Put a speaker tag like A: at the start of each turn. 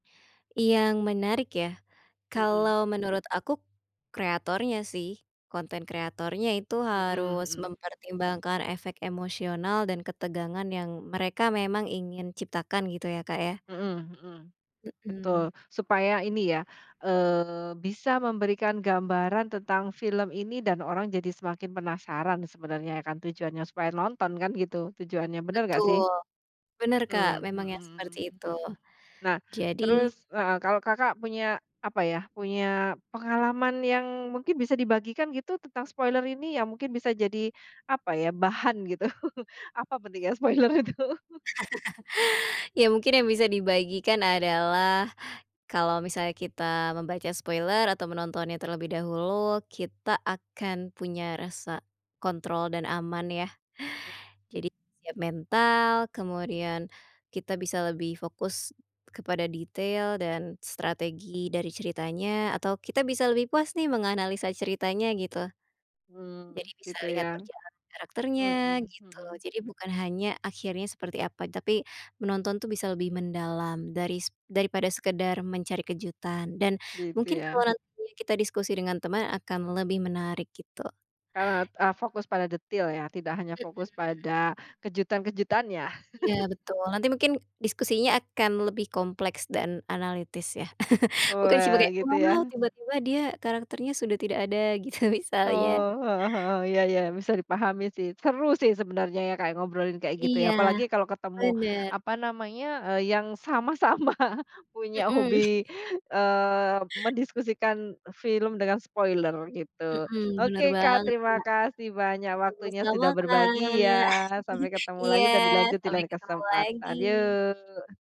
A: Yang menarik ya?
B: Mhm.
A: Kalau menurut aku kreatornya sih. Konten kreatornya itu
B: Mhm,
A: harus
B: mhm.
A: mempertimbangkan efek emosional dan ketegangan yang mereka memang ingin ciptakan gitu ya, Kak, ya.
B: Mhm, mhm.
A: Mhm.
B: Betul. Supaya ini ya, eee, bisa memberikan gambaran tentang film ini dan orang jadi semakin penasaran sebenarnya ya kan tujuannya, supaya nonton kan gitu tujuannya. Benar nggak sih?
A: Betul. Benar Kak,
B: Mmm, mhm,
A: memang yang
B: mhm.
A: seperti itu.
B: Nah,
A: Jadi
B: terus, heeh, kalau Kakak punya, apa ya, punya pengalaman yang mungkin bisa dibagikan gitu tentang spoiler ini, yang mungkin bisa jadi, apa ya, bahan gitu? Apa pentingnya spoiler itu?
A: Ya, mungkin yang bisa dibagikan adalah, kalau misalnya kita membaca spoiler atau menontonnya terlebih dahulu, kita akan punya rasa kontrol dan aman ya.
B: M
A: Jadi siap mental, kemudian kita bisa lebih fokus kepada detail dan strategi dari ceritanya, atau kita bisa lebih puas nih menganalisa ceritanya gitu. Jadi
B: Hmm,
A: bisa
B: gitu
A: lihat
B: ya.
A: perjalanan karakternya,
B: Mhm,
A: gitu.
B: mhm.
A: Jadi bukan hanya akhirnya seperti apa, tapi menonton tuh bisa lebih mendalam daris daripada sekedar mencari kejutan, dan
B: Gitu
A: mungkin
B: ya.
A: kalau nanti kita diskusi dengan teman akan lebih menarik gitu.
B: Kalau, e fokus pada detail ya, tidak hanya
A: Mhm.
B: fokus pada kejutan-kejutannya.
A: Iya, betul. Nanti mungkin diskusinya akan lebih kompleks dan analitis ya. Bukan
B: Wah,
A: sebagai,
B: gitu
A: "Wah,
B: ya.
A: tiba-tiba dia karakternya sudah tidak ada." Gitu misalnya.
B: Oh, heeh heeh. Ya, ya. Bisa dipahami sih. Seru sih sebenarnya ya, Kak, ngobrolin kayak gitu
A: Iya.
B: ya apalagi kalau ketemu,
A: Benar.
B: apa namanya, eee, yang sama-sama punya
A: Mhm.
B: hobi, eee, mendiskusikan film dengan spoiler gitu.
A: Mhm. Benar
B: Oke, Kak.
A: banget,
B: Terima
A: Kak.
B: kasih banyak waktunya
A: Sama-sama,
B: sudah berbagi
A: Kak.
B: ya. Sampai ketemu lagi
A: Iya.
B: dan dilanjut di
A: Sampai
B: lain
A: ketemu
B: kesempatan.
A: lagi.
B: Yuk.